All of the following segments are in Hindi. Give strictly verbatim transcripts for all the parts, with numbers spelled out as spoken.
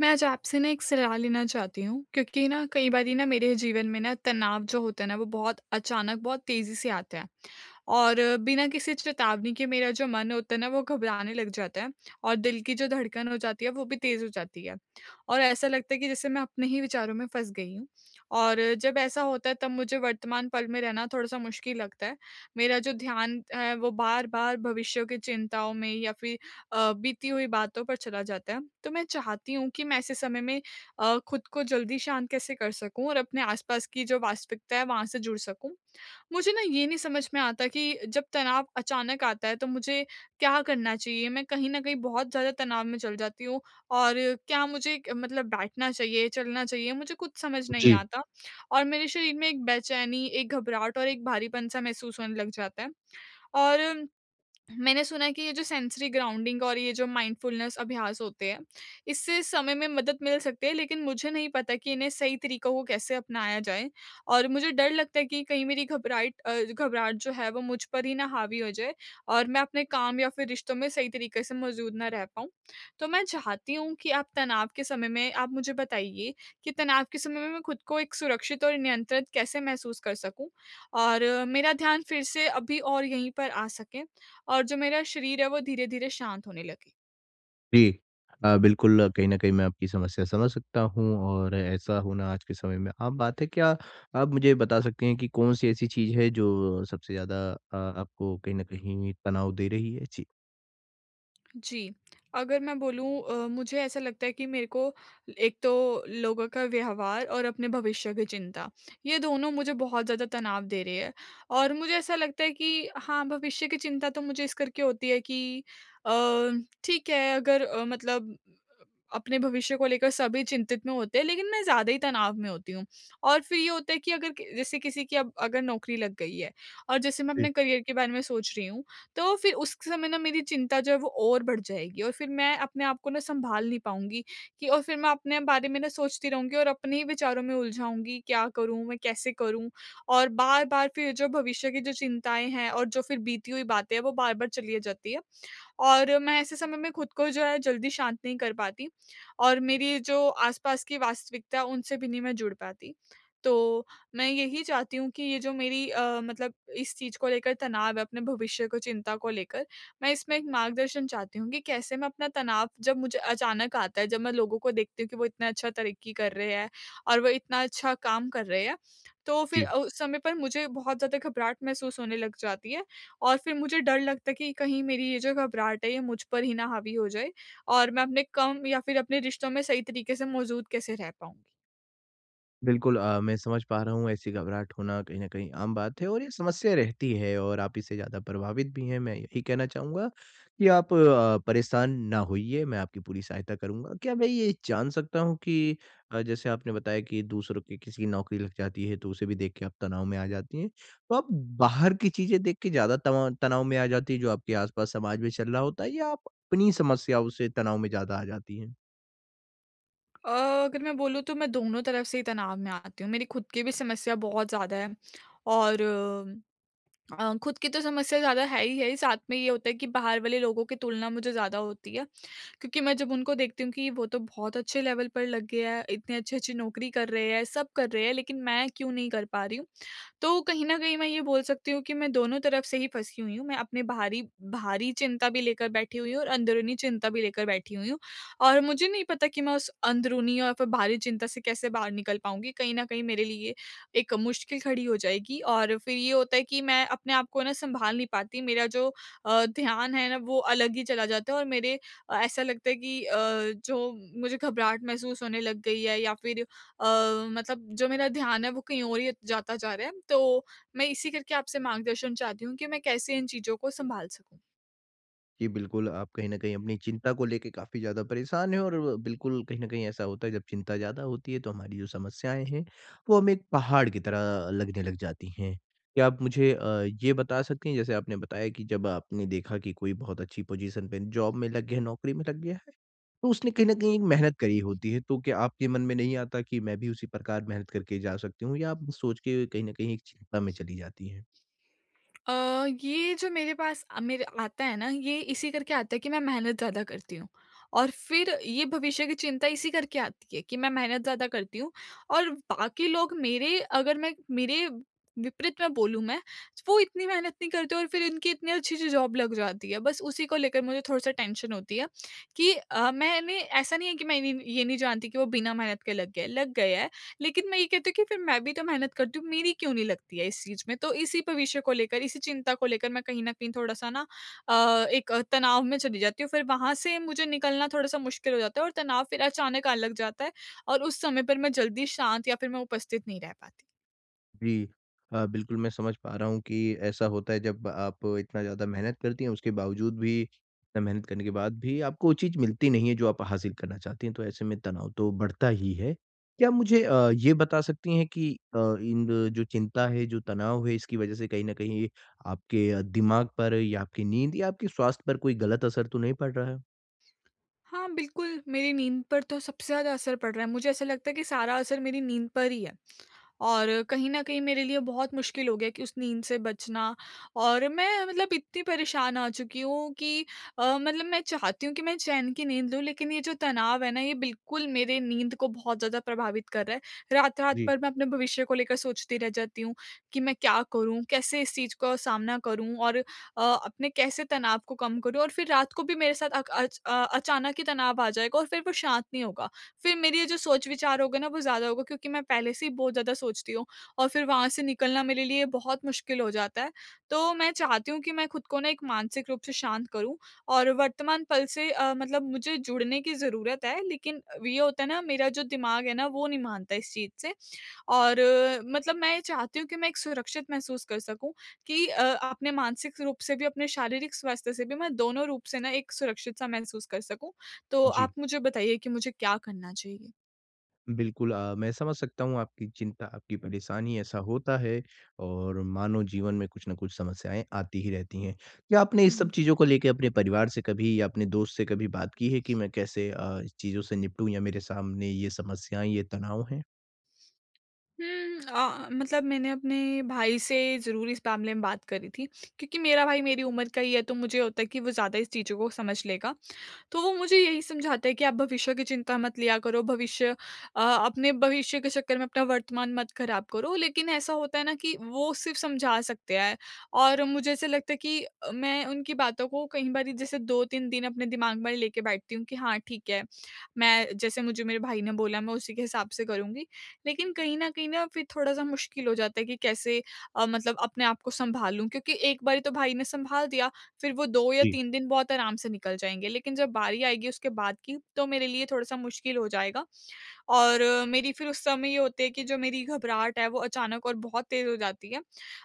मैं आज आपसे ना, एक सलाह लेना चाहती हूँ, क्योंकि ना, कई बारी ना मेरे जीवन में ना, तनाव जो होते है ना, वो बहुत अचानक, बहुत तेज़ी से आते है और बिना किसी चेतावनी के मेरा जो मन होता है ना, वो घबराने लग जाता है और दिल की जो धड़कन हो जाती है, वो भी तेज़ हो जाती है और ऐसा लगता है कि जैसे मैं अपने ही विचारों में फँस गई हूँ और जब ऐसा होता है, तब मुझे वर्तमान पल में रहना थोड़ा-सा मुश्किल लगता है। मेरा जो ध्यान है, वो बार-बार भविष्य की चिंताओं में या फिर अ, बीती हुई बातों पर चला जाता है। तो मैं चाहती हूँ कि मैं ऐसे समय में अ, खुद को जल्दी शांत कैसे कर सकूँ और अपने आसपास की जो वास्तविकता है, वहाँ से जुड़ सकूँ। मुझे ना, ये नहीं समझ में आता कि जब तनाव अचानक आता है, तो मुझे क्या करना चाहिए? मैं कहीं न कहीं बहुत ज़्यादा तनाव में चल जाती हूँ और क्या मुझे क मतलब बैठना चाहिए, चलना चाहिए, मुझे कुछ समझ नहीं जी। आता और मेरे शरीर में एक बेचैनी, एक घबराहट और एक भारीपन-सा महसूस होने लग जाता है। और मैंने सुना है कि ये जो सेंसरी ग्राउंडिंग और ये जो माइंडफुलनेस अभ्यास होते है, इससे समय में मदद मिल सकती है, लेकिन मुझे नहीं पता कि इन्हें सही तरीकों को कैसे अपनाया जाए, और मुझे डर लगता है कि कहीं मेरी घबराइट अ, घबराहट जो है, वो मुझ पर ही ना हावी हो जाए और मैं अपने काम या फिर रिश्तों में सही तरीके से मौजूद ना रह पाऊँ। तो मैं चाहती हूँ कि आप तनाव के समय में आप मुझे बताइए कि तनाव के समय में मैं खुद को एक सुरक्षित और नियंत्रित कैसे महसूस कर सकूँ और मेरा ध्यान फिर से अभी और यहीं पर आ सके और जो मेरा शरीर है, वो धीरे-धीरे शांत होने लगे। जी। अ, बिल्कुल कहीं न कहीं मैं आपकी समस्या समझ सकता हूँ और ऐसा होना आज के समय में आम बात है। क्या आप मुझे ये बता सकती हैं कि कौन-सी ऐसी चीज़ है जो सबसे ज़्यादा अ, आपको कहीं न कहीं तनाव दे रही है? जी। जी। अगर मैं बोलूँ अ, मुझे ऐसा लगता है कि मेरे को एक तो लोगों का व्यवहार और अपने भविष्य की चिंता, ये दोनों मुझे बहुत ज़्यादा तनाव दे रहे हैं और मुझे ऐसा लगता है कि हाँ, भविष्य की चिंता तो मुझे इस करके होती है कि अ, ठीक है अगर मतलब अपने भविष्य को लेकर सभी चिंतित में होते हैं, लेकिन मैं ज़्यादा ही तनाव में होती हूँ। और फिर ये होता है कि अगर के जैसे किसी की अब अगर नौकरी लग गई है और जैसे मैं जी। अपने करियर के बारे मैं सोच रही हूँ, तो फिर उस क समय ना मेरी चिंता जो है वो और बढ़ जाएगी और फिर मैं अपने आपको ना सँभाल नहीं पाऊँगी कि और फिर मैं अपने बारे में ना सोचती रहूँगी और अपने ही विचारों में उलझाऊँगी, क्या करूँ, मैं कैसे करूँ? और बार-बार फिर जो भविष्य की जो चिंताएँ हैं और जो फिर बीती हुई बातें हैं वो बार-बार चली आ जाती है। और मैं ऐसे समय में खुद को जो है जल्दी शांत नहीं कर पाती और मेरी जो आस-पास की वास्तविकता है, उनसे भी नहीं मैं जुड़ पाती। तो, मैं यही चाहती हूँ कि ये जो मेरी अ, मतलब इस चीज़ को लेकर तनाव है अपने भविष्य को चिंता को लेकर, मैं इसमें एक मार्गदर्शन चाहती हूँ कि कैसे मैं अपना तनाव जब मुझे अचानक आता है, जब मैं लोगों को देखती हूँ कि वो इतना अच्छा तरक्की कर रहे हैं और वो इतना अच्छा काम कर रहे हैं। तो फिर जी। उ उस समय पर मुझे बहुत ज़्यादा घबराहट महसूस होने लग जाती है, और फिर मुझे डर लगता है कि कहीं मेरी ये जो घबराहट है ये मुझ पर ही ना हावी हो जाए, और मैं अपने कम या फिर अपने रिश्तों में सही तरीके से मौजूद कैसे रह पाऊँगी? बिल्कुल अ, मैं समझ पा रहा हूँ ऐसी घबराहट होना कहीं न कहीं आम बात है और ये समस्या रहती है और आप इससे ज़्यादा प्रभावित भी हैं, मैं यही कहना चाहूँगा कि आप अ, परेशान ना होइए, मैं आपकी पूरी सहायता करूँगा। क्या मैं ये जान सकता हूँ कि अ, जैसे आपने बताया कि दूसरों की किसी की नौकरी लग जाती है, तो उसे भी देख के आप तनाव में आ जाती हैं। तो आप बाहर की चीज़ें देख के ज़्यादा तवाँ तनाव में आ जाती हैं जो आपके आस-पास समाज में चल रहा होता है या आप अपनी समस्याओं से तनाव में ज़्यादा आ जाती हैं? अ, अगर मैं बोलूँ तो मैं दोनों तरफ से ही तनाव में आती हूँ, मेरी खुद की भी समस्या बहुत ज़्यादा है और अ, खुद की तो समस्या ज़्यादा है ही है, साथ में ये होता है कि बाहर वाले लोगों की तुलना मुझे ज़्यादा होती है, क्योंकि मैं जब उनको देखती हूँ कि वो तो बहुत अच्छे लेवल पर लग गए हैं, इतनी अच्छी-अच्छी नौकरी कर रहे हैं, सब कर रहे हैं लेकिन मैं क्यों नहीं कर पा रही हूँ? तो कहीं न कहीं मैं ये बोल सकती हूँ कि मैं दोनों तरफ से ही फँसी हुई हूँ, मैं अपने बाहरी बाहरी चिंता भी लेकर बैठी हुई हूँ और अंदरूनी चिंता भी लेकर बैठी हुई हूँ। और मुझे नहीं पता कि मैं उस अंदरूनी और फिर बाहरी चिंता से कैसे बाहर निकल पाऊँगी? कहीं न कहीं मेरे लिए एक मुश्किल खड़ी हो जाएगी और फिर ये होता है कि मैं अपने आप को सँभाल नहीं पाती। मेरा जो अ, ध्यान है ना वो अलग ही चला जाता है और मेरे अ, ऐसा लगता है कि अ, जो मुझे घबराहट महसूस होने लग गई है या फिर अ, मतलब जो मेरा ध्यान है वो कहीं और ही जाता जा रहा है तो मैं इसी करके आपसे मार्गदर्शन चाहती हूँ कि मैं कैसे इन चीज़ों को सँभाल सकूँ? जी, बिल्कुल आप कहीं न कहीं अपनी चिंता को लेके काफ़ी ज़्यादा परेशान हैं और [unintelligible] बिल्कुल कहीं न कहीं ऐसा होता है जब चिंता ज़्यादा होती है तो हमारी जो समस्याएँ हैं, वो हमें एक पहाड़ की तरह अ, लगने लग जाती हैं। क्या आप मुझे अ, ये बता सकते हैं जैसे आपने बताया कि जब आपने देखा कि कोई बहुत अच्छी पोजीशन पे जॉब में लग गया है नौकरी में लग गया है, तो उसने कहीं न कहीं एक मेहनत करी होती है तो क्या आपके मन में नहीं आता कि मैं भी उसी प्रकार मेहनत करके जा सकती हूँ? या आप सोच के कहीं न कहीं एक चिंता में चली जाती हैं? अ, ये जो मेरे पास अ, मेरे आता है ना ये इसी करके आता है कि मैं मेहनत ज़्यादा करती हूँ। और फिर ये भविष्य की चिंता इसी करके आती है कि मैं मेहनत ज़्यादा करती हूँ और बाकी लोग मेरे अगर मैं मेरे विपरीत में बोलूँ मैं वो इतनी मेहनत नहीं करते और फिर इनकी इतनी अच्छी-अच्छी जॉब लग जाती है। बस उसी को लेकर मुझे थोड़ा-सा टेंशन होती है कि अ, मैंने ऐसा नहीं है कि मैं नी ये नहीं जानती कि वो बिना मेहनत के लग गए हैं लग गए हैं लेकिन मैं ये कहती हूँ कि फिर मैं भी तो मेहनत करती हूँ, मेरी क्यों नहीं लगती है इस चीज़ में? तो इसी पे विषय को लेकर, इसी चिंता को लेकर मैं कहीं न कहीं थोड़ा-सा ना अ, एक तनाव में चली जाती हूँ फिर वहाँ से मुझे निकलना थोड़ा-सा मुश्किल हो जाता है और तनाव फिर अचानक आने लग जाता है और उस समय पर मैं जल्दी शांत या फिर मैं उपस्थित नहीं रह पाती। जी। हाँ, बिल्कुल मैं समझ पा रहा हूँ कि ऐसा होता है जब आप इतना ज़्यादा मेहनत करती हैं उसके बावजूद भी इतना मेहनत करने के बाद भी आपको वो चीज़ मिलती नहीं है जो आप हासिल करना चाहती हैं तो ऐसे में तनाव तो बढ़ता ही है। क्या आप मुझे अ, ये बता सकती हैं कि अ, इन जो चिंता है, जो तनाव है, इसकी वजह से कहीं न कहीं आपके दिमाग पर या आपकी नींद या आपके स्वास्थ्य पर कोई गलत असर तो नहीं पड़ रहा है? हाँ, बिल्कुल मेरी नींद पर तो सबसे ज़्यादा असर पड़ रहा है। मुझे ऐसा लगता है कि सारा असर मेरी नींद पर ही है। और कहीं न कहीं मेरे लिए बहुत मुश्किल हो गया है कि उस नींद से बचना और मैं मतलब इतनी परेशान आ चुकी हूँ कि अ, मतलब मैं चाहती हूँ कि मैं चैन की नींद लूँ लेकिन ये जो तनाव है ना, ये बिल्कुल मेरे नींद को बहुत ज़्यादा प्रभावित कर रहा है। रात-रात जी। भर मैं अपने भविष्य को लेकर सोचती रह जाती हूँ कि मैं क्या करूँ, कैसे इस चीज़ का सामना करूँ और अ, अपने कैसे तनाव को कम करूँ और फ़िर रात को भी मेरे साथ अक अच अ, अचानक ही तनाव आ जाएगा और फ़िर वो शांत नहीं होगा। फ़िर मेरी ये जो सोच विचार होगे ना, वो ज़्यादा होगा क्योंकि मैं पहले से ही बहुत ज़्यादा सोचती हूँ और फ़िर वहाँ से निकलना मेरे लिए बहुत मुश्किल हो जाता है। तो मैं चाहती हूँ कि मैं खुद को ना एक मानसिक रूप से शांत करूँ और वर्तमान पल से अ, मतलब मुझे जुड़ने की ज़रूरत है लेकिन अ, ये होता है ना, मेरा जो दिमाग है ना, वो नहीं मानता इस चीज़ से और अ, मतलब मैं चाहती हूँ कि मैं एक सुरक्षित महसूस कर सकूँ कि अ, अपने मानसिक रूप से भी अपने शारीरिक स्वास्थ्य से भी मैं दोनों रूप से ना एक सुरक्षित-सा महसूस कर सकूँ। तो आप जी। मुझे बताइए कि मुझे क्या करना चाहिए? बिल्कुल। अ, मैं समझ सकता हूँ आपकी चिंता, आपकी परेशानी ऐसा होता है और मानव जीवन में कुछ ना कुछ समस्याएँ आती ही रहती हैं। क्या आपने हुँ, इस सब हुँ। चीज़ों को लेके अपने परिवार से कभी या अपने दोस्त से कभी बात की है कि मैं कैसे अ, इस चीज़ों से निपटूँ? या मेरे सामने ये समस्याएँ, ये तनाव हैं? हुँ अ अ, मतलब मैंने अपने भाई से ज़रूर इस मामले में बात करी थी। क्योंकि मेरा भाई मेरी उम्र का ही है तो मुझे ये होता है कि वो ज़्यादा इस चीज़ों को समझ लेगा। तो वो मुझे यही समझाता है कि आप भविष्य की चिंता मत लिया करो। भविष्य अ, अपने भविष्य के चक्कर में अपना वर्तमान मत ख़राब करो। लेकिन ऐसा होता है ना कि वो सिर्फ़ समझा सकते हैं और मुझे ऐसा लगता है कि अ, मैं उनकी बातों को कईं बारी जैसे दो तीन दिन अपने दिमाग में लेके बैठती हूँ कि हाँ, ठीक है। मैं जैसे मुझे मेरे भाई ने बोला मैं उसी के हिसाब से करूँगी। लेकिन कहीं न कहीं ना फ़िर थोड़ा-सा मुश्किल हो जाता है कि कैसे अ, मतलब अपने आपको सँभालूँ? क्योंकि एक बारी तो भाई ने संभाल दिया। फ़िर वो दो या जी। तीन दिन बहुत आराम से निकल जाएँगे। लेकिन जब बारी आएगी उसके बाद की तो मेरे लिए थोड़ा-सा मुश्किल हो जाएगा। और मेरी फ़िर उस समय ये होती है कि जो मेरी घबराहट है वो अचानक और बहुत तेज़ हो जाती है।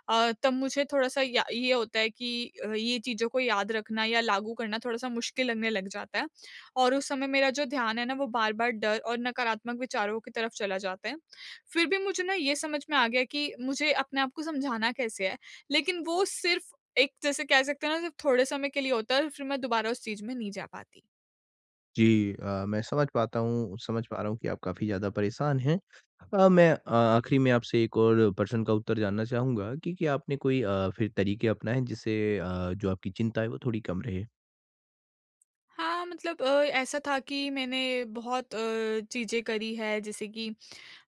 अ, तब मुझे थोड़ा-सा या ये होता है कि ये चीज़ों को याद रखना या लागू करना थोड़ा-सा मुश्किल लगने लग जाता है। और उस समय मेरा जो ध्यान है ना वो बार-बार डर और नकारात्मक विचारों की तरफ़ चला जाता है। फ़िर भी मुझे ना ये समझ में आ गया कि मुझे अपने आपको समझाना कैसे है? लेकिन वो सिर्फ़ एक जैसे कह सकते हैं ना सिर्फ़ थोड़े समय के लिए होता है और फ़िर मैं दुबारा उस चीज़ में नहीं जा पाती। जी अ, मैं समझ पाता हूँ, समझ पा रहा हूँ कि आप काफ़ी ज़्यादा परेशान हैं। अ, मैं अ, आखिरी में आपसे एक और प्रश्न का उत्तर जानना चाहूँगा कि क्या आपने कोई अ, फिर तरीके अपनाए जिससे अ, जो आपकी चिंता है वो थोड़ी कम रहे? हाँ, मतलब अ, ऐसा था कि मैंने बहुत अ, चीज़ें करी हैं जैसे कि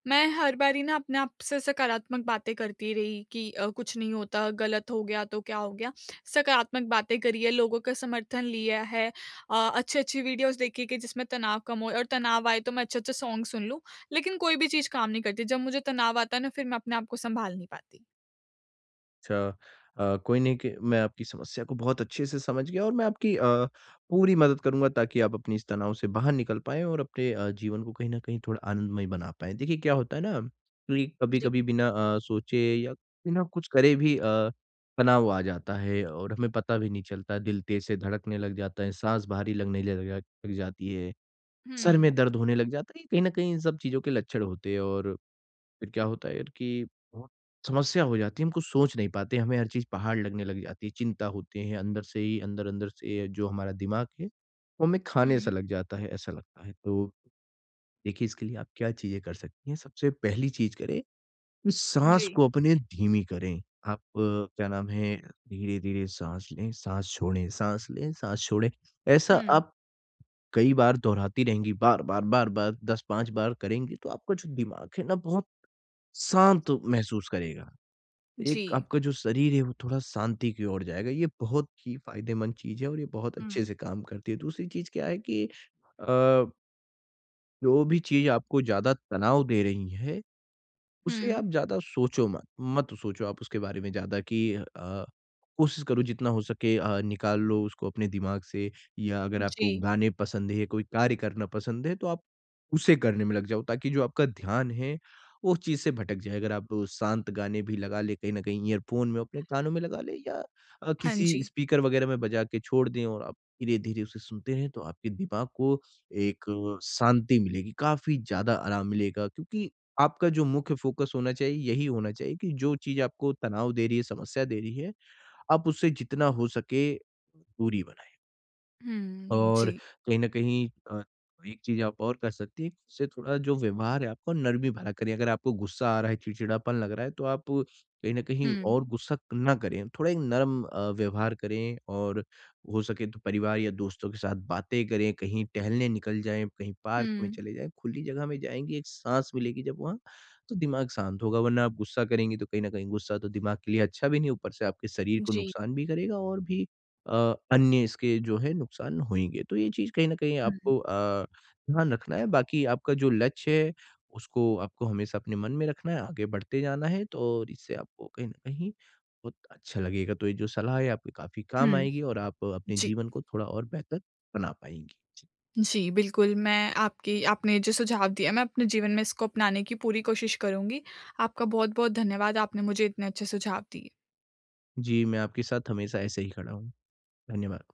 मैं हर बारी ना अपने आप से सकारात्मक बातें करती रही कि अ, कुछ नहीं होता, गलत हो गया तो क्या हो गया? सकारात्मक बातें करी है, लोगों का समर्थन लिया है। अ, अच्छी-अच्छी वीडियोज़ देखे कि जिसमें तनाव कम हो और तनाव आए तो मैं अच्छे-अच्छे सॉन्ग सुन लूँ। लेकिन कोई भी चीज़ काम नहीं करती, जब मुझे तनाव आता है ना फिर मैं अपने आपको सँभाल नहीं पाती। अच्छा अ, कोई नहीं क मैं आपकी समस्या को बहुत अच्छे से समझ गया और मैं आपकी अ, पूरी मदद करूँगा ताकि आप अपनी इस तनाव से बाहर निकल पाए और अपने अ, जीवन को कहीं न कहीं थोड़ा आनंदमय बना पाए। देखिए क्या होता है ना कि जी। कभी-कभी बिना अ, सोचे या बिना कुछ करे भी अ, तनाव आ जाता है और हमें पता भी नहीं चलता, दिल तेज़ से धड़कने लग जाता है, साँस भारी लगने ल लग लग जाती है, सर में हुँ। दर्द होने लग जाता है, ये कहीं न कहीं इन सब चीज़ों के लक्षण होते हैं। और फिर क्या होता है कि, समस्या हो जाती है हम कुछ सोच नहीं पाते, हमें हर चीज़ पहाड़ लगने लग जाती है। चिंता होती है अंदर से ही अंदर अंदर से जो हमारा दिमाग है वो हमें खाने सा हुँ। लग जाता है, ऐसा लगता है। तो, देखिए इसके लिए आप क्या चीजें कर सकती हैं? सबसे पहली चीज करें, साँस जी। को अपने धीमी करें। आप क्या नाम है धीरे-धीरे साँस लें, साँस छोड़ें साँस लें, साँस छोड़ें। ऐसा हुँ। आप कई बार दोहराती रहेंगी बार-बार, बार-बार दस पाँच बार करेंगी तो आपका जो दिमाग है ना बहुत शांत महसूस करेगा। एक जी। आपका जो शरीर है वो थोड़ा शांति की ओर जाएगा। ये बहुत ही फ़ायदेमंद चीज है और ये बहुत अच्छे हुँ। से काम करती है। दूसरी चीज क्या है कि अ जो भी चीज़ आपको ज़्यादा तनाव दे रही है। उसे आप हुँ। ज़्यादा सोचो मत, मत सोचो आप उसके बारे में ज़्यादा कि अ, कोशिश करो जितना हो सके अ, निकाल लो उसको अपने दिमाग से या अगर आपको जी। गाने पसंद है या कोई कार्य करना पसंद है, तो आप उसे करने में लग जाओ ताकि जो आपका ध्यान है वो उस चीज़ से भटक जाए। अगर आप शांत गाने भी लगा ले, कहीं न कहीं ईयरफ़ोन में अपने कानों में लगा ले या अ, हाँ किसी जी। स्पीकर वग़ैरह में बजा के छोड़ दें और आप धीरे-धीरे उसे सुनते हैं तो आपके दिमाग को एक शांति मिलेगी। काफ़ी ज़्यादा आराम मिलेगा क्योंकि आपका जो मुख्य फ़ोकस होना चाहिए यही होना चाहिए कि जो चीज़ आपको तनाव दे रही है, समस्या दे रही है, आप उससे जितना हो सके दूरी बनाएँ। हुँ, और जी। कहीं न कहीं अ, एक चीज़ आप और कर सकती हैं, उससे थोड़ा जो व्यवहार है आपको नर्मी भरा करें, अगर आपको गुस्सा आ रहा है, चिड़चिड़ापन लग रहा है तो आप कहीं न कहीं हुँ। और गुस्सा क ना करें। थोड़ा एक नर्म अ, व्यवहार करें और हो सके तो परिवार या दोस्तों के साथ बातें करें, कहीं टहलने निकल जाएँ, कहीं पार्क में हुँ। चले जाएँ, खुली जगह में जाएँगी एक साँस मिलेगी जब वहाँ तो दिमाग शांत होगा वरना आप गुस्सा करेंगे, तो कहीं न कहीं गुस्सा तो दिमाग के लिए अच्छा भी नहीं, ऊपर से आपके शरीर को जी। नुकसान भी करेगा और भी अ, अन्य इसके जो है नुकसान होंगे। तो ये चीज़ कहीं न कहीं हुँ। आपको अ, ध्यान रखना है बाकी आपका जो लक्ष्य है उसको आपको हमेशा अपने मन में रखना है, आगे बढ़ते जाना है तो इससे आपको कहीं न कहीं बहुत अच्छा लगेगा। तो ये जो सलाह है आपके काफ़ी काम हुँ। आएगी और आप अपने जी। जीवन को थोड़ा और बेहतर बना पाएँगी। जी। जी, बिल्कुल मैं आपकी आपने जो सुझाव दिया है मैं अपने जीवन में इसको अपनाने की पूरी कोशिश करूँगी। आपका बहुत-बहुत धन्यवाद, आपने मुझे इतने अच्छे सुझाव दिए। जी, मैं आपके साथ हमेशा ऐसे ही खड़ा हूँ। धन्यवाद।